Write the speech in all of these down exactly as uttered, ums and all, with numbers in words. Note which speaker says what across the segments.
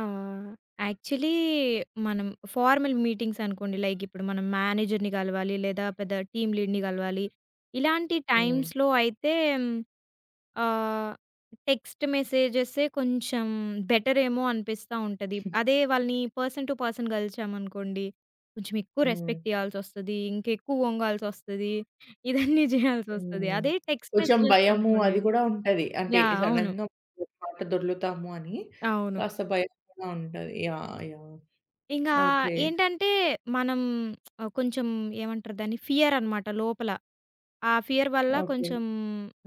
Speaker 1: ఆహ్, యాక్చువలీ మనం formal meetings అనుకోండి. లైకిప్పుడు మనం మేనేజర్‌ని గలవాలి, లేదా పెద్ద టీమ్ లీడ్‌ని గలవాలి. ఇలాంటి
Speaker 2: హ్మ్.
Speaker 1: టైమ్స్‌లో అయితే హ్మ్, ఆహ్, టెక్స్ట్ మెసేజె‌సే కొంచెం బెటరేమో అనిపిస్తుంటది. అదే వాళ్ళని పర్సన్ టు పర్సన్ కలిచామనుకోండి, కొంచెం ఎక్కువ
Speaker 2: హ్మ్.
Speaker 1: రెస్పెక్ట్ ఇయ్యాల్సొస్తది, ఇంకెక్కువ వొంగాల్సొస్తది. ఇదన్నీ జేయాల్సొస్తది.
Speaker 2: హ్మ్.
Speaker 1: అదే టెక్స్ట్
Speaker 2: కొంచెం
Speaker 1: మెసేజెస్
Speaker 2: భయము
Speaker 1: అనుకోండి
Speaker 2: అది కూడా ఉంటది. అంటే
Speaker 1: యాహ్! అవును.
Speaker 2: సడెన్‌గా ఒక మాట దొర్లుతాము అని,
Speaker 1: అవును.
Speaker 2: కాస్త భయం కూడా ఉంటది. యాహ్! యాహ్!
Speaker 1: ఇంగా
Speaker 2: ఓకే.
Speaker 1: ఏంటంటే, మనం ఆహ్, కొంచెం ఏమంటారు దాన్ని? ఫియర్ అనమాట లోపల. ఆ ఫియర్ వల్ల
Speaker 2: ఓకే.
Speaker 1: కొంచెం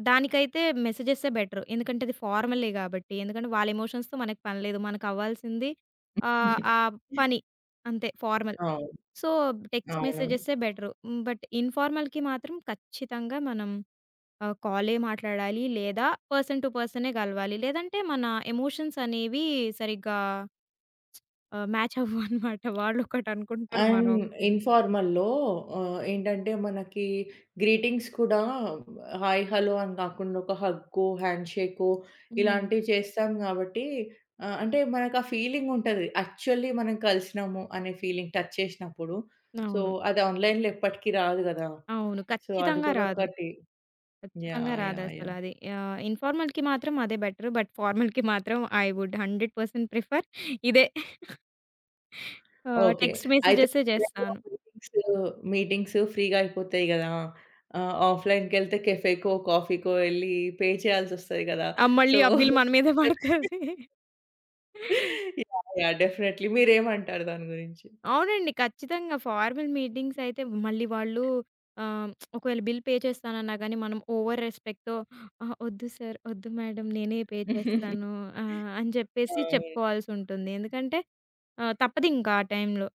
Speaker 1: దానికైతే మెసేజెసే బెటర్. ఎందుకంటే అది ఫార్మలే గాబట్టి. ఎందుకంటే వాళ్ళ ఎమోషన్స్‌తో మనకు పని లేదు. మనకు అవ్వాల్సింది ఆహ్, ఆ పని అంతే. ఫార్మల్.
Speaker 2: అవును.
Speaker 1: సో, టెక్స్ట్
Speaker 2: అవునవును.
Speaker 1: మెసేజెసే బెటరు. హ్మ్, బట్ ఇన్ఫార్మల్‌కి మాత్రం ఖచ్చితంగా మనం ఆహ్, కాలే మాట్లాడాలి లేదా, పర్సన్ టు పర్సనే గలవాలి. లేదంటే మన ఎమోషన్స్ అనేవి సరిగ్గా ఆహ్, మ్యాచ్ అవ్వవన్నమాట. వాళ్ళు ఒకటనుకుంటారు.
Speaker 2: అండ్,
Speaker 1: మనమొకటి అనుకుంటాం.
Speaker 2: ఇన్ఫార్మల్‌లో ఆహ్, ఏంటంటే మనకి గ్రీటింగ్స్ కూడా హాయ్, హలో అని కాకుండా ఒక హగ్గో, హ్యాండ్‌షేకో
Speaker 1: హ్మ్.
Speaker 2: ఇలాంటివి చేస్తాం కాబట్టి ఆహ్, అంటే మనకు ఫీలింగ్ ఉంటది. యాక్చువల్లీ మనం కలిసినాము అనే ఫీలింగ్, టచ్ చేసినప్పుడు. సో,
Speaker 1: అవును.
Speaker 2: అది ఆన్‌లైన్‌లో ఎప్పటికీ రాదు గదా!
Speaker 1: అవును.
Speaker 2: సో, అది
Speaker 1: ఖచ్చితంగా
Speaker 2: కూడా
Speaker 1: రాదు.
Speaker 2: ఒకటి.
Speaker 1: ఖచ్చితంగా
Speaker 2: యాహ్! యాహ్! యాహ్!
Speaker 1: రాదసలది. ఆహ్, ఇన్ఫార్మల్‌కి మాత్రం అదే బెటరు. బట్ ఫార్మల్‌కి మాత్రం I would hundred percent prefer ఇదే. ఆ!
Speaker 2: ఓకే.
Speaker 1: టెక్స్ట్
Speaker 2: అయితే
Speaker 1: మెసేజెసే జేస్తాను.
Speaker 2: ఇలాంటి మీటింగ్స్, మీటింగ్స్ ఫ్రీగా అయిపోతాయి గదా! ఆహ్, ఆఫ్లైన్‌కెళ్తే కేఫేకో, కాఫీకో ఎళ్లి పే చేయాల్సొస్తది గదా!
Speaker 1: ఆ!
Speaker 2: సో
Speaker 1: మళ్ళీ ఆ బిల్ మన మీద వడతది.
Speaker 2: యాహ్! యాహ్! డెఫినైట్లీ మీరేమంటారు దాని గురించి?
Speaker 1: అవునండి. ఖచ్చితంగా. ఫార్మల్ మీటింగ్స్ అయితే మళ్ళీ వాళ్ళు ఆహ్, ఒకవేళ బిల్ పే చేస్తానన్నా గానీ, మనం ఓవర్ రెస్పెక్ట్‌తో అహా! వద్దు సార్, వద్దు మేడం, నేనే పే చేస్తాను ఆహ్, అని చెప్పేసి
Speaker 2: అవును.
Speaker 1: చెప్పుకోవాల్సొటుంది. ఎందుకంటే ఆహ్, తప్పదింకా ఆ టైంలో.